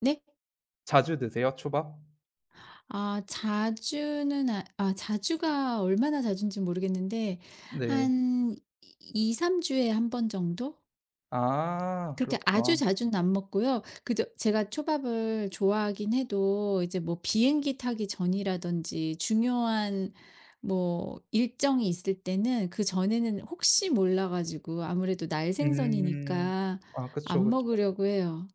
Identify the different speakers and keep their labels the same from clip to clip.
Speaker 1: 네?
Speaker 2: 자주 드세요, 초밥?
Speaker 1: 아 자주는 아 아 자주가 얼마나 자주인지 모르겠는데
Speaker 2: 네.
Speaker 1: 한 2-3 주에 1 번 정도?
Speaker 2: 아
Speaker 1: 그렇게 아주
Speaker 2: 그렇구나.
Speaker 1: 자주는 안 먹고요. 그저 제가 초밥을 좋아하긴 해도 이제 뭐 비행기 타기 전이라든지 중요한 뭐 일정이 있을 때는 그전에는 혹시 몰라 가지고 아무래도
Speaker 2: 음.
Speaker 1: 날생선이니까
Speaker 2: 아 그쵸,
Speaker 1: 안
Speaker 2: 그쵸.
Speaker 1: 먹으려고 해요.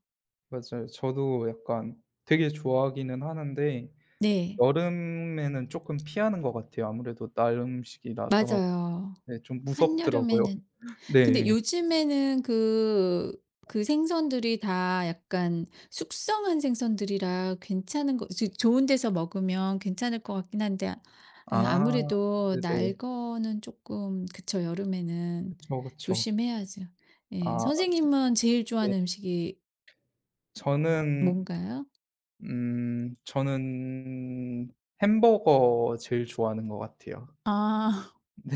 Speaker 2: 맞아요. 저도 약간 되게 좋아하기는 하는데
Speaker 1: 네.
Speaker 2: 여름에는 쪼끔 피하는 것 같아요. 아무래도 날 음식이라서
Speaker 1: 맞아요.
Speaker 2: 네 좀 무섭더라고요.
Speaker 1: 한여름에는. 근데
Speaker 2: 네.
Speaker 1: 요즘에는 그 그 생선들이 다 약간 숙성한 생선들이라 괜찮은 거 이제 좋은 데서 먹으면 괜찮을 것 같긴 한데 이
Speaker 2: 아
Speaker 1: 아무래도 날
Speaker 2: 네네.
Speaker 1: 거는 쪼끔 그쵸 여름에는
Speaker 2: 그쵸, 그쵸.
Speaker 1: 조심해야죠. 예
Speaker 2: 아.
Speaker 1: 선생님은 제일
Speaker 2: 네.
Speaker 1: 좋아하는 음식이
Speaker 2: 저는
Speaker 1: 뭔가요?
Speaker 2: 음 저는 햄버거 제일 좋아하는 것 같아요.
Speaker 1: 아.
Speaker 2: 네.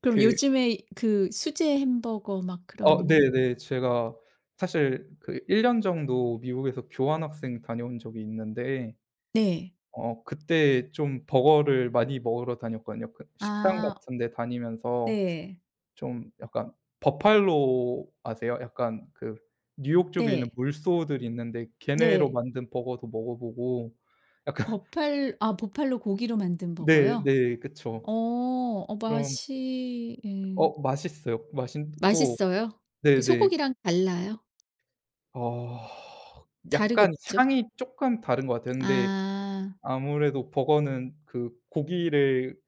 Speaker 1: 그럼
Speaker 2: 그
Speaker 1: 요즘에 그 수제 햄버거 막
Speaker 2: 어
Speaker 1: 그런
Speaker 2: 네네. 제가 사실 그 1 년 정도 미국에서 교환학생 다녀온 적이 있는데
Speaker 1: 네.
Speaker 2: 어 그때 좀 버거를 많이 먹으러 다녔거든요. 그 식당
Speaker 1: 아.
Speaker 2: 같은데 다니면서
Speaker 1: 네.
Speaker 2: 좀 약간 버팔로 아세요? 약간 그 뉴욕 쪽에 있는
Speaker 1: 네.
Speaker 2: 물소들이 있는데 걔네로
Speaker 1: 네.
Speaker 2: 만든 버거도 먹어 보고 약간
Speaker 1: 버팔 아 버팔로 고기로 만든
Speaker 2: 네
Speaker 1: 버거요?
Speaker 2: 네. 그쵸.
Speaker 1: 어 어
Speaker 2: 그럼
Speaker 1: 맛이 예.
Speaker 2: 어 맛있어요. 맛있고
Speaker 1: 맛있어요? 그
Speaker 2: 네네.
Speaker 1: 소고기랑 달라요?
Speaker 2: 어 약간
Speaker 1: 다르겠죠?
Speaker 2: 향이 쪼끔 다른 것 같아요. 근데
Speaker 1: 아.
Speaker 2: 아무래도 버거는 그 고기를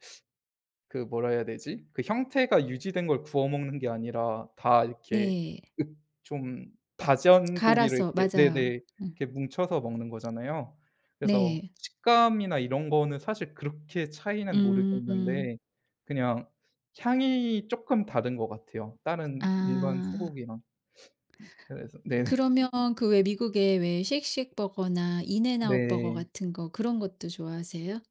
Speaker 2: 그 뭐라 해야 되지? 그 형태가 유지된 걸 구워 먹는 게 아니라 다 이렇게
Speaker 1: 네.
Speaker 2: 으 좀 다전 고기를
Speaker 1: 갈아서
Speaker 2: 이렇게
Speaker 1: 맞아요.
Speaker 2: 네네.
Speaker 1: 음.
Speaker 2: 이렇게 뭉쳐서 먹는 거잖아요. 그래서
Speaker 1: 네.
Speaker 2: 식감이나 이런 거는 사실 그렇게 차이는
Speaker 1: 음.
Speaker 2: 모르겠는데 그냥 향이 쪼끔 다른 것 같아요, 다른 일반
Speaker 1: 아.
Speaker 2: 소고기랑. 그래서 네.
Speaker 1: 그러면 그 왜 미국에 왜 Shake Shack 버거나 인앤아웃 버거
Speaker 2: 네.
Speaker 1: 같은 거 그런 것도 좋아하세요?